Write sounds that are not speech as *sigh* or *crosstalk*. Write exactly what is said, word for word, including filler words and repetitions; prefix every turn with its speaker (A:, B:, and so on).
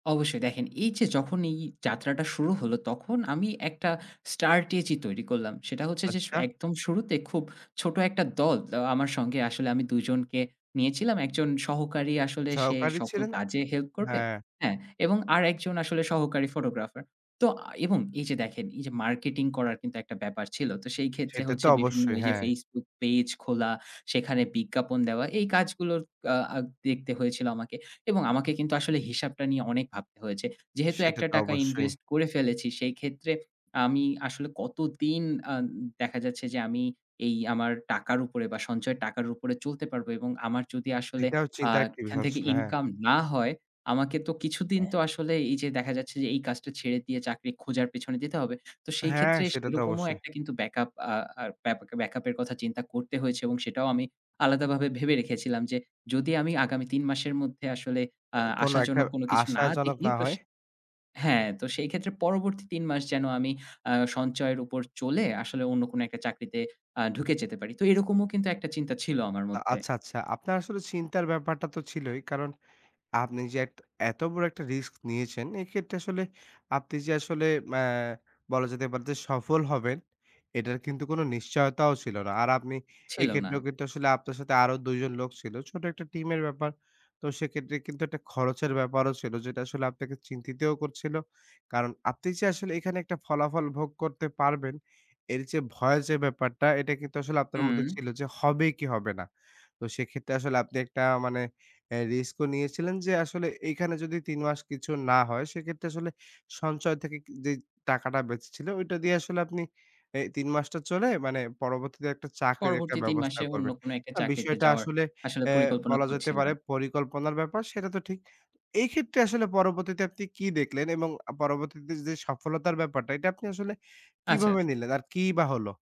A: অবশ্যই। দেখেন এই যে যখন এই যাত্রাটা শুরু হলো, তখন আমি একটা স্টার্টেজি তৈরি করলাম। সেটা হচ্ছে যে স
B: আচ্ছা।
A: একদম শুরুতে খুব ছোট একটা দল অ্যা আমার সঙ্গে আসলে আমি দুজনকে নিয়েছিলাম। একজন সহকারী আসলে সে
B: সহকারী
A: সকল
B: ছিলেন আ
A: কাজে হেল্প করবে,
B: হ্যাঁ।
A: হ্যাঁ এবং আরেকজন আসলে সহকারী ফটোগ্রাফার। তো এবং এই যে দেখেন এই যে মার্কেটিং করার কিন্তু একটা ব্যাপার ছিল। তো সেই ক্ষেত্রে
B: সেটা তো
A: হচ্ছে বিভিন্ন
B: অবশ্যই
A: ওইযে
B: হ্যাঁ।
A: Facebook পেজ খোলা, সেখানে বিজ্ঞাপন দেওয়া এই কাজগুলোর কা আ দেখতে হয়েছিল আমাকে। এবং আমাকে কিন্তু আসলে হিসাবটা নিয়ে অনেক ভাবতে হয়েছে। যেহেতু
B: সেটা
A: একটা
B: তো
A: টাকা
B: অবশ্যই।
A: ইনভেস্ট করে ফেলেছি, সেইক্ষেত্রে আমি আসলে কতদিন আন দেখা যাচ্ছে যে আমি এই আমার টাকার উপরে বা সঞ্চয়ের টাকার উপরে চলতে পারবো এবং আমার যদি আসলে
B: এটাও
A: আ
B: চিন্তার একটি।
A: এখান থেকে
B: *unintelligible* হ্যাঁ।
A: ইনকাম না হয়, আমাকে তো কিছুদিন
B: অ্যাহ
A: তো আসলে এই যে দেখা যাচ্ছে যে এই কাজটা ছেড়ে দিয়ে চাকরি খোঁজার পেছনে দিতে হবে। তো সেই
B: হ্যাঁ
A: ক্ষেত্রে
B: সেটা তো
A: সেরকমও
B: অবশ্যই।
A: একটা কিন্তু ব্যাকআপ আ আর ব্যাপা ব্যাকআপ এর কথা চিন্তা করতে হয়েছে। এবং সেটাও আমি আলাদাভাবে ভেবে রেখেছিলাম যে যদি আমি আগামী তিন মাসের মধ্যে আসলে আ
B: অ কোন একটা
A: আশাজনক কোন কিছু না
B: আশাজনক
A: দেখি
B: না
A: তো স
B: হয়
A: হ্যাঁ তো সেই ক্ষেত্রে পরবর্তী তিন মাস যেন আমি আ সঞ্চয়ের উপর চলে আসলে অন্য কোন একটা চাকরিতে আ ঢুকে যেতে পারি। তো এরকমও কিন্তু একটা চিন্তা ছিল আমার
B: আ
A: মধ্যে।
B: আচ্ছা, আচ্ছা। আপনার আসলে চিন্তার ব্যাপারটা তো ছিলই। কারণ আপনি যে এট এত বড় একটা রিস্ক নিয়েছেন। এক্ষেত্রে আসলে আপনি যে আসলে ম্যা বলা যেতে পারে যে সফল হবেন এটার কিন্তু কোন নিশ্চয়তাও ছিল না। আর আপনি
A: ছিল না।
B: এক্ষেত্রেও কিন্তু আসলে আপনার সাথে আরো দুই জন লোক ছিল, ছোট একটা টিমের ব্যাপার। তো সেক্ষেত্রে কিন্তু একটা খরচের ব্যাপারও ছিল। যেটা আসলে আপনাকে চিন্তিতও করছিল। কারণ আপনি যে আসলে এখানে একটা ফলাফল ভোগ করতে পারবেন, এর যে ভয় যে ব্যাপারটা এটা কিন্তু আসলে আপনার মধ্যে
A: হু।
B: ছিল। যে হবে কি হবে না? তো সেক্ষেত্রে আসলে আপনি একটা মানে অ্যা রিস্ক ও নিয়েছিলেন যে আসলে এখানে যদি তিন মাস কিছু না হয় সেক্ষেত্রে আসলে সঞ্চয় থেকে কি যে টাকাটা বেঁচেছিল, ওইটা দিয়ে আসলে আপনি এ তিন মাসটা চলে মানে পরবর্তীতে একটা চাকরির একটা
A: পরবর্তী তিন
B: ব্যবস্থা
A: মাসে অন্য
B: করবেন।
A: কোন একটা
B: না
A: চাকরিতে
B: বিষয়টা
A: যাওয়ার
B: আসলে
A: আসলে
B: অ্যা
A: পরিকল্পনা
B: বলা যেতে
A: করছিলাম।
B: পারে পরিকল্পনার ব্যাপার, সেটা তো ঠিক। এই ক্ষেত্রে আসলে পরবর্তীতে আপনি কি দেখলেন? এবং আ পরবর্তীতে যে সফলতার ব্যাপারটা, এটা আপনি আসলে
A: আচ্ছা।
B: কিভাবে নিলেন? আর কিই বা হলো?